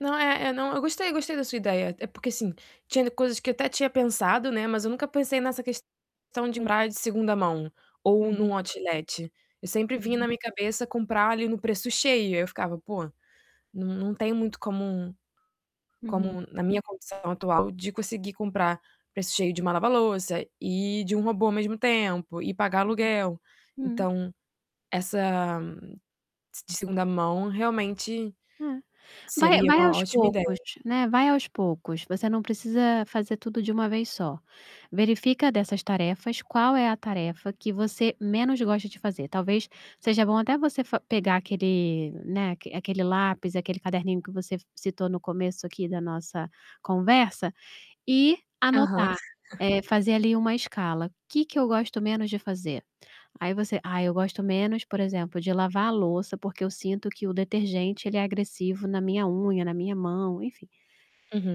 Não é é não, eu gostei, gostei da sua ideia. É porque, assim, tinha coisas que eu até tinha pensado, né, mas eu nunca pensei nessa questão de comprar de 2ª mão, ou Uhum. em um outlet. Eu sempre vinha Uhum. na minha cabeça comprar ali no preço cheio. Aí, eu ficava: "Pô, não não tenho muito como Uhum. como na minha condição atual de conseguir comprar preço cheio de uma lava-louça e de um robô ao mesmo tempo, e pagar Uhum, aluguel". hum. Então, essa, de de 2ª mão, realmente, É. Vai seria vai uma aos ótima poucos, ideia. né, vai aos poucos. Você não precisa fazer tudo de uma vez só. Verifica dessas tarefas qual é a tarefa que você menos gosta de fazer. Talvez seja bom até você fa pegar aquele, né, aquele lápis, aquele caderninho que você citou no começo aqui da nossa conversa, e Aham. anotar, eh, fazer ali uma escala: "Que que eu gosto menos de fazer?", aí você, "Ah, eu gosto menos, por exemplo, de lavar a louça, porque eu sinto que o detergente, ele é agressivo na minha unha, na minha mão", enfim.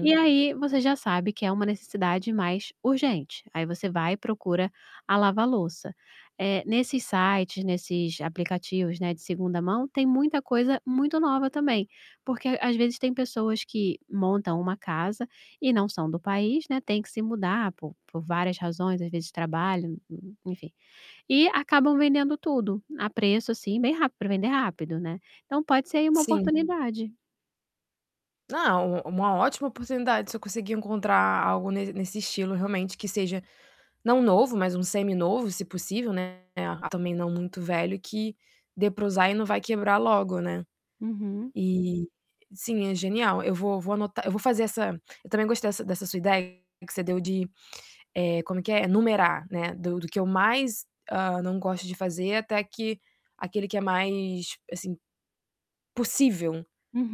E aí você já sabe que é uma necessidade mais urgente. Aí você vai e procura a lava-louça. Eh, nesses sites, nesses aplicativos, né, de 2ª mão, tem muita coisa muito nova também, porque às vezes tem pessoas que montam uma casa e não são do país, né, têm que se mudar por por várias razões, às vezes de trabalho, enfim, e acabam vendendo tudo, a preço, assim bem rápido para vender rápido, né? Então pode ser aí uma Sim. oportunidade. Não, u uma ótima oportunidade, se eu conseguir encontrar algo nes nesse estilo, realmente, que seja, não novo, mas um semi-novo, se possível, né. Ah também não muito velho, que dê para usar e não vai quebrar logo, né. Uhum. E, sim, é genial. Eu vou vou anotar eu vou fazer essa eu também gostei dessa dessa sua ideia que você deu de, eh, como é que é? Numerar, né. Do do que eu mais, hã, não gosto de fazer até que aquele que é mais, assim, possível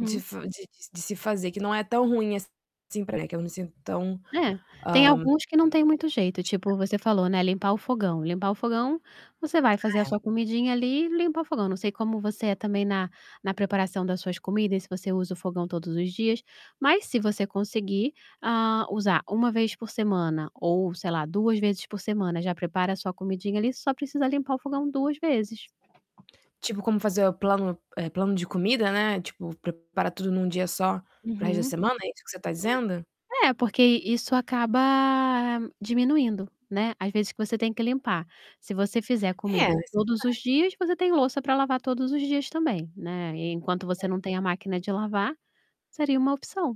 de f de de de se fazer, que não é tão ruim assim, para que eu não me sinta tão, É, tem hã, hum, alguns que não tem muito jeito frustrada. tipo você falou, né, limpar o fogão limpar o fogão você vai fazer a Ah, sua é. comidinha ali e limpar o fogão. Não sei como você é também na na preparação das suas comidas, se você usa o fogão todos os dias, mas se você conseguir, hã, usar 1 vez por semana, ou sei lá 2 vezes por semana, já prepara a sua comidinha ali só precisa limpar o fogão 2 vezes. Tipo, como fazer, eh, o plano eh, plano de comida, né, tipo preparar tudo em 1 dia só, para resto da Uhum, semana, é isso que você está dizendo? é. É porque i isso acaba diminuindo, né, as vezes que você tem que limpar. Se você fizer É, comida isso é todos os verdade. dias, você tem louça para lavar todos os dias também, né. E enquanto você É. não tem a máquina de lavar, seria uma opção.